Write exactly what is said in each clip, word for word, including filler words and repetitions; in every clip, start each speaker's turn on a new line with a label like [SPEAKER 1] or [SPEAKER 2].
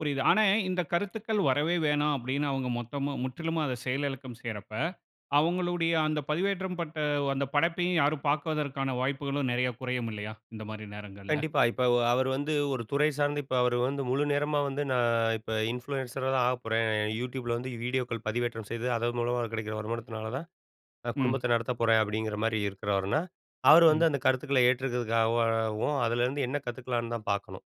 [SPEAKER 1] புரியுது. ஆனா, இந்த கருத்துக்கள் வரவே வேணாம். அப்படின்னு அவங்க மொத்தமா, முற்றிலும் அதை செயலிழக்கம் செய்யறப்ப, அவங்களுடைய அந்த பதிவேற்றம் பட்ட அந்த படைப்பையும் யாரும் பாக்குவதற்கான வாய்ப்புகளும் நெறைய குறையும் இல்லயா, இந்த மாரி நேரங்கள்ல.
[SPEAKER 2] கண்டிப்பா. இப்போ அவர் வந்து ஒரு துறை சார்ந்த இப்போ அவரு வந்து முழு நேரமா வந்து "நான் இப்ப இன்ஃப்ளூயன்சரா தான் ஆகப் போறேன். யூடியூப்ல வந்து வீடியோக்கள் பதிவேற்றம் செய்து அதன் மூலமா கிடைக்கிற வருமானத்தினால தான் நான்
[SPEAKER 1] ம்.
[SPEAKER 2] குடும்பத்தை நடத்தப் போறேன்." அப்படிங்கிற மாதிரி இருக்கிறவர்னா, அவர்
[SPEAKER 1] ம்.
[SPEAKER 2] வந்து அந்த கருத்துக்களை ஏற்றுக்கிறதுக்காகவும் அதுலேருந்து என்ன கத்துக்கலாம்ன்னு தான் பார்க்கணும்.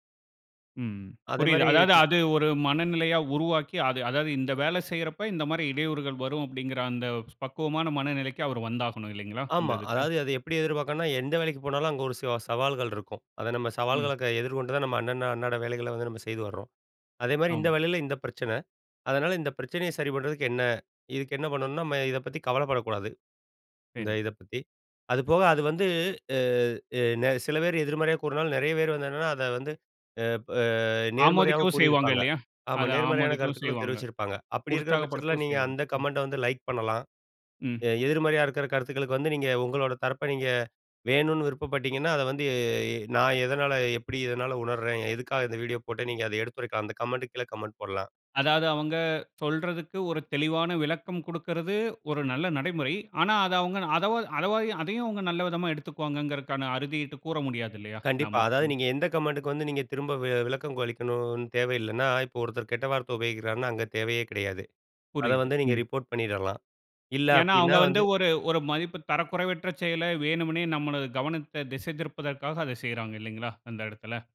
[SPEAKER 1] ம் புரியுது.
[SPEAKER 2] அதேமாதிரி,
[SPEAKER 1] அதாவது
[SPEAKER 2] க
[SPEAKER 1] அது ஒரு மனநிலையா உருவாக்கி, அத அதாவது இந்த வேலை செய்யறப்ப இந்த மாதிரி இடையூறுகள் வரும் அப்படிங்குற அந்த பக்குவமான மனநிலைக்கு அவரு வந்தாகணும் இல்லைங்களா? இந்த
[SPEAKER 2] ஆமா,
[SPEAKER 1] இதுக்கு.
[SPEAKER 2] அதாவது அத எப்படி எதிர்பார்க்கணும்னா எந்த வேலைக்கு போனாலும், அங்கே ஒரு சவா சவால்கள் இருக்கும். அதை நம்ம
[SPEAKER 1] ம்.
[SPEAKER 2] சவால்கள்ல எதிர்கொண்டு தான் நம்ம அண்ண அண்ணாட வேலைகள்ல வந்து நம்ம செய்து வர்றோம். அதேமாதிரி இந்த
[SPEAKER 1] ஆமா.
[SPEAKER 2] வேலையில இந்த பிரச்சனை. அதனால இந்த பிரச்சனையை சரி பண்ணுறதுக்குm என்ன இதுக்கு என்ன பண்ணணும்னா, நம்ம இதை பத்தி கவலைப்படக்கூடாது. இந்த
[SPEAKER 1] சரி.
[SPEAKER 2] இத பத்தி அது போக அது வந்து, சில பேர் எதிர்மறையா கூறினாலும் நெறைய பேர் வந்து என்னன்னா, அத வந்து ப் பா நேர்மறையாகவும்
[SPEAKER 1] ஆமோதிக்கவும் செய்வாங்க
[SPEAKER 2] கூறியிருப்பாங்க.
[SPEAKER 1] இல்லயா?
[SPEAKER 2] ஆமா,
[SPEAKER 1] அதை
[SPEAKER 2] நேர்மறையான
[SPEAKER 1] ஆமோதிக்கவும்
[SPEAKER 2] கருத்துக்களும்
[SPEAKER 1] செய்வாங்க.
[SPEAKER 2] தெரிவிச்சிருப்பாங்க. அப்படி இருக்கிற பட்சத்தில
[SPEAKER 1] உற்சாகப்படுத்தவும்
[SPEAKER 2] நீங்க
[SPEAKER 1] செய்வாங்க.
[SPEAKER 2] அந்த
[SPEAKER 1] ம்.
[SPEAKER 2] கமெண்டை வந்து லைக் பண்ணலாம்,
[SPEAKER 1] ம்.
[SPEAKER 2] எதிர்மறையா இருக்கிற கருத்துக்களுக்கு வந்து நீங்க உங்களோட தரப்ப நீங்க வேணுண்னு விருப்பப்பட்டீங்கன்னா, அதை வந்து நான் எதனால எப்படி இதனால் உணருறேன், எதுக்காக இந்த வீடியோ போட்டேன் நீங்க அத எடுத்துரைக்கலாம். அந்த கமெண்ட் கீழ கமெண்ட் போடலாம்.
[SPEAKER 1] அதாவது அவங்க சொல்றதுக்கு ஒரு தெளிவான விளக்கம் குடுக்கறது ஒரு நல்ல நடைமுறை. ஆனா, அத அவங்க அதவா அத அதையும் நல்ல விதமா எடுத்துக்குவாங்ககறதுக்கான அறுதியிட்டு கூற முடியாது இல்லையா
[SPEAKER 2] கண்டிப்பா.
[SPEAKER 1] நாம.
[SPEAKER 2] அதாவது நீங்க எந்த கமெண்டுக்கு வந்து நீங்க திரும்ப விளக்கம் அளிக்கணும்னு தேவ இல்லன்னா, இப்போ ஒருத்தர் கெட்ட வார்த்தை உபயோகிக்கிறார்னா, அங்க தேவையே கிடையாது. அதை
[SPEAKER 1] புரியுது.
[SPEAKER 2] வந்து நீங்க
[SPEAKER 1] ம்.
[SPEAKER 2] ரிப்போர்ட் பண்ணிடலாம். இல்ல
[SPEAKER 1] ஏன்னா, அவங்க
[SPEAKER 2] அப்படின்னா
[SPEAKER 1] வந்து
[SPEAKER 2] வந்து
[SPEAKER 1] ஒரு ஒரு மதிப்பு தரக்குறைவற்ற செயல வேணும்ன்னே, நமது கவனத்த திசை திருப்பதற்கா அத செய்றாங்க இல்லங்களா? அந்த இடத்தில.